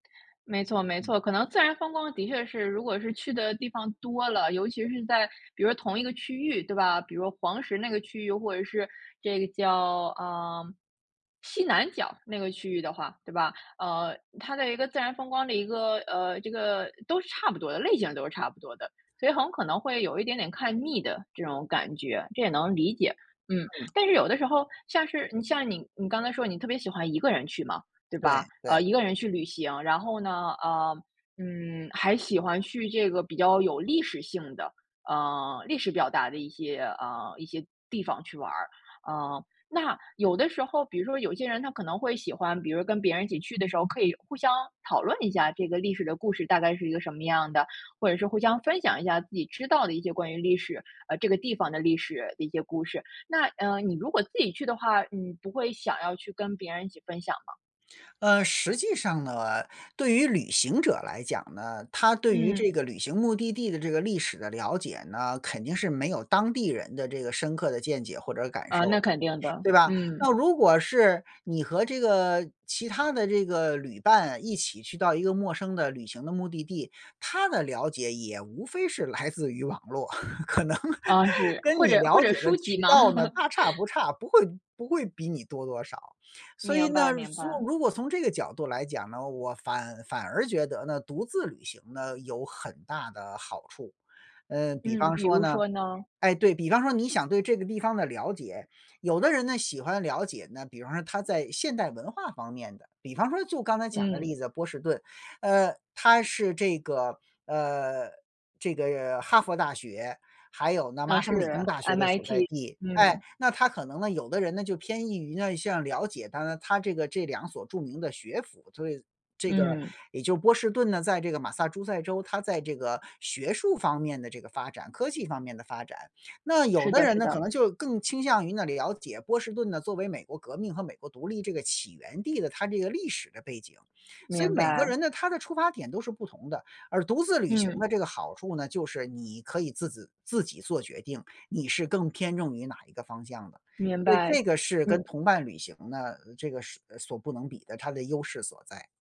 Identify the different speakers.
Speaker 1: 没错没
Speaker 2: 嗯。
Speaker 1: 错，可能自然风光的确是如果是去的地方多了，尤其是在比如同一个区域，对吧？比如黄石那个区域或者是这个叫，啊，西南角那个区域的话，对吧？呃，它的一个自然风光的一个呃，这个都是差不多的，类型都是差不多的。所以很可能会有一点点看腻的这种感觉，这也能理解，嗯。
Speaker 2: 嗯。
Speaker 1: 但是有的时候像是嗯，像你你刚才说你特别喜欢一个人去嘛，对
Speaker 2: 对
Speaker 1: 吧？
Speaker 2: 对。
Speaker 1: 呃，一个人去旅行，然后呢，呃，嗯，还喜欢去这个比较有历史性的。呃，历史表达的一些啊，一些地方去玩儿。啊，那有的时候，比如说有些人他可能会喜欢，比如跟别人一起去的时候，可以互相讨论一下这个历史的故事大概是一个什么样的，或者是互相分享一下自己知道的一些关于历史呃，这个地方的历史的一些故事。那，呃，你如果自己去的话，你不会想要去跟别人一起分享吗？
Speaker 2: 呃，实际上呢，对于旅行者来讲呢，他对于
Speaker 1: 嗯。
Speaker 2: 这个旅行目的地的这个历史的了解呢，肯定是没有当地人的这个深刻的见解或者感
Speaker 1: 呃，
Speaker 2: 受
Speaker 1: 那
Speaker 2: 的，
Speaker 1: 肯定的，
Speaker 2: 对吧？
Speaker 1: 嗯。
Speaker 2: 那如果是你和这个其他的这个旅伴一起去到一个陌生的旅行的目的地，他的了解也无非是来自于网络，可能
Speaker 1: 啊，是，
Speaker 2: 跟
Speaker 1: 或
Speaker 2: 你
Speaker 1: 者或
Speaker 2: 了
Speaker 1: 者
Speaker 2: 解的
Speaker 1: 书籍
Speaker 2: 渠
Speaker 1: 吗？
Speaker 2: 道呢，大差不差，不会不会比你多多少。所以
Speaker 1: 明白
Speaker 2: 呢，
Speaker 1: 明
Speaker 2: 缩
Speaker 1: 白。
Speaker 2: 如果从这个角度来讲呢，我反反而觉得呢，独自旅行呢，有很大的好处。呃，比
Speaker 1: 嗯，
Speaker 2: 方
Speaker 1: 比
Speaker 2: 说
Speaker 1: 如
Speaker 2: 呢
Speaker 1: 说呢。
Speaker 2: 诶，对，比方说你想对这个地方的了解有的人呢，喜欢了解呢，比方说他在现代文化方面的，比方说就刚才讲的
Speaker 1: 嗯。
Speaker 2: 例子，波士顿。呃，他是这个呃，这个哈佛大学，还有呢，
Speaker 1: 呃，
Speaker 2: 麻省理工
Speaker 1: 是
Speaker 2: 大学的所在
Speaker 1: ，MIT，
Speaker 2: 地。诶，
Speaker 1: 嗯。
Speaker 2: 那他可能呢，有的人呢，就偏易于呢，像了解它呢它这个这2所著名的学府，所以这个
Speaker 1: 嗯。
Speaker 2: 也就波士顿呢，在这个马萨诸塞州，他在这个学术方面的这个发展、科技方面的发展。那有
Speaker 1: 是
Speaker 2: 的
Speaker 1: 的
Speaker 2: 人
Speaker 1: 是
Speaker 2: 那可
Speaker 1: 的。
Speaker 2: 能就更倾向于那了解波士顿呢，作为美国革命和美国独立这个起源地的它这个历史的背景。所以
Speaker 1: 明
Speaker 2: 每个
Speaker 1: 白。
Speaker 2: 人的他的出发点都是不同的，而独自旅行
Speaker 1: 嗯。
Speaker 2: 的这个好处呢，就是你可以自子自己做决定，你是更偏重于哪一个方向的，
Speaker 1: 明
Speaker 2: 所以
Speaker 1: 白，
Speaker 2: 这个是跟
Speaker 1: 嗯。
Speaker 2: 同伴旅行呢，呃，这个是所不能比的，它的优势所在。